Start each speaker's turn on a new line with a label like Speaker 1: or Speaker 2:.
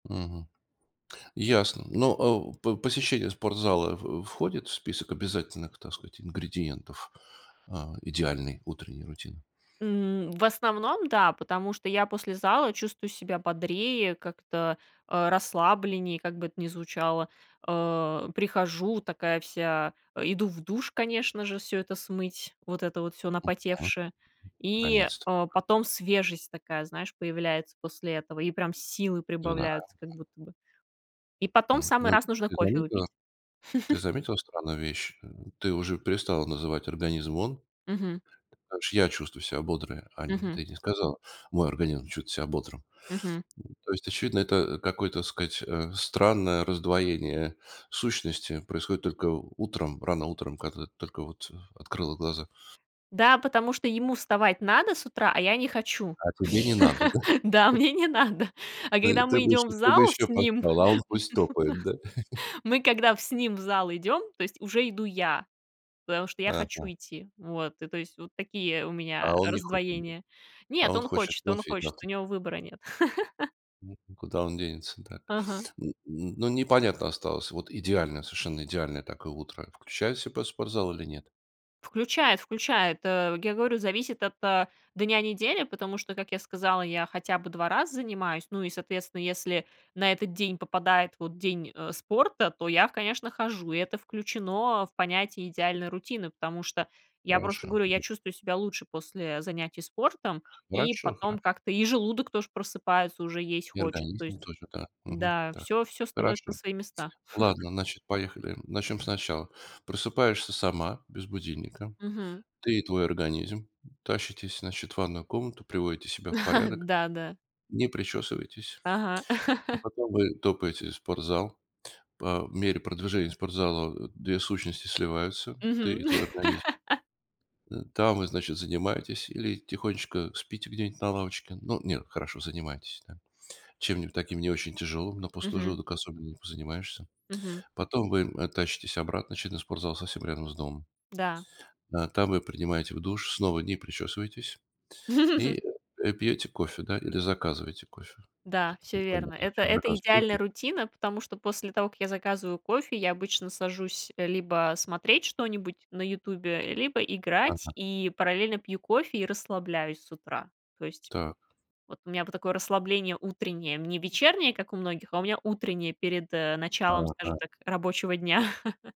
Speaker 1: Мгм. Ясно. Ну, э, у по посещение спортзала в входит в список обязательных, так сказать, ингредиентов, а, идеальной утренней рутины?
Speaker 2: М, в основном, да, потому что я после зала чувствую себя бодрее, как-то, э, расслабленнее, как бы это ни звучало. Э, прихожу такая вся, э, иду в душ, конечно же, всё это смыть, вот это вот всё
Speaker 1: Мгм.
Speaker 2: напотевшее, и,
Speaker 1: Наконец-то.
Speaker 2: э, потом свежесть такая, знаешь, появляется после этого, и прям силы
Speaker 1: Знаю.
Speaker 2: прибавляются как будто бы. И потом в
Speaker 1: М,
Speaker 2: самый
Speaker 1: но
Speaker 2: раз нужно
Speaker 1: ты
Speaker 2: кофе
Speaker 1: заметила
Speaker 2: выпить.
Speaker 1: ты заметила странную вещь? Э, ты уже перестала называть организм- он.
Speaker 2: Мгм.
Speaker 1: Потому что я чувствую себя бодрое, а не
Speaker 2: Мгм.
Speaker 1: ты не сказала мой организм чувствует себя бодрым.
Speaker 2: Мгм.
Speaker 1: М, то есть, очевидно, это какое-то, так сказать, э, странное раздвоение сущности происходит только у утром, рано утром, когда ты только вот открыла глаза.
Speaker 2: Да, потому что ему вставать надо с утра, а я не хочу.
Speaker 1: А тебе не надо, да?
Speaker 2: Да, мне не надо. А
Speaker 1: Ой,
Speaker 2: когда
Speaker 1: ты
Speaker 2: мы
Speaker 1: бы
Speaker 2: идём в
Speaker 1: еще, ты бы
Speaker 2: зал с
Speaker 1: еще
Speaker 2: ним,
Speaker 1: поспала, а он пусть топает, да?
Speaker 2: мы когда в с ним в зал идём, то есть уже иду я, потому что я хочу
Speaker 1: Ага.
Speaker 2: идти. Вот, и то есть вот такие у
Speaker 1: А
Speaker 2: меня
Speaker 1: он не хочет, да?
Speaker 2: раздвоения.
Speaker 1: А
Speaker 2: Нет,
Speaker 1: он
Speaker 2: он
Speaker 1: хочет
Speaker 2: хочет, он
Speaker 1: кофе и
Speaker 2: хочет,
Speaker 1: завтрак.
Speaker 2: у него выбора нет.
Speaker 1: Мгм. Куда он денется? Так.
Speaker 2: Ага.
Speaker 1: Н н ну, непонятно осталось вот идеальное, совершенно идеальное такое утро включает в себя спортзал или нет?
Speaker 2: Включает, включает. Э, я говорю, зависит от, а, дня недели, потому что, как я сказала, я хотя бы 2 раза занимаюсь. Ну, и соответственно, если на этот день попадает вот день, э, спорта, то я, конечно, хожу, и это включено в понятие идеальной рутины, потому что я просто
Speaker 1: Хорошо.
Speaker 2: говорю, я
Speaker 1: Мгм.
Speaker 2: чувствую себя лучше после занятий спортом, и
Speaker 1: Хорошо,
Speaker 2: потом
Speaker 1: хорошо.
Speaker 2: как-то и желудок тоже просыпается, уже есть
Speaker 1: И
Speaker 2: хочет. То есть
Speaker 1: организм, точно так, мгм,
Speaker 2: да,
Speaker 1: так.
Speaker 2: всё всё становится на
Speaker 1: Хорошо,
Speaker 2: свои места.
Speaker 1: ладно, значит, поехали. Начнем сначала. Просыпаешься сама без будильника.
Speaker 2: Мгм.
Speaker 1: Ты и твой организм тащитесь, значит, в ванную комнату, приводите себя в порядок.
Speaker 2: Да, да.
Speaker 1: Не причесываетесь.
Speaker 2: Ага.
Speaker 1: И потом вы топаете в спортзал. По мере продвижения спортзала 2 сущности сливаются, ты
Speaker 2: Мгм.
Speaker 1: и твой организм э, там вы, значит, занимаетесь или тихонечко спите где-нибудь на лавочке. Ну, нет, хорошо занимаетесь, да. Чем-нибудь таким не очень тяжелым, на пустой
Speaker 2: Мгм.
Speaker 1: желудок особенно не позанимаешься.
Speaker 2: Мгм.
Speaker 1: Потом вы, э, тащитесь обратно очевидно спортзал совсем рядом с домом.
Speaker 2: Да.
Speaker 1: Э, там вы принимаете в душ, снова не причесываетесь и, э, э, пьете кофе, да, или заказываете кофе.
Speaker 2: Да,
Speaker 1: Тут
Speaker 2: всё верно.
Speaker 1: непонятно
Speaker 2: Это
Speaker 1: зачем
Speaker 2: это
Speaker 1: заказ кофе
Speaker 2: идеальная
Speaker 1: есь
Speaker 2: рутина, потому что после того, как я заказываю кофе, я обычно сажусь либо смотреть что-нибудь на "Ютубе", либо играть
Speaker 1: Ага.
Speaker 2: и параллельно пью кофе и расслабляюсь с утра. То есть
Speaker 1: Так.
Speaker 2: вот у меня вот такое расслабление утреннее, не вечернее, как у многих, а у меня утреннее, перед, э, началом, скажем
Speaker 1: Ага.
Speaker 2: так, рабочего дня.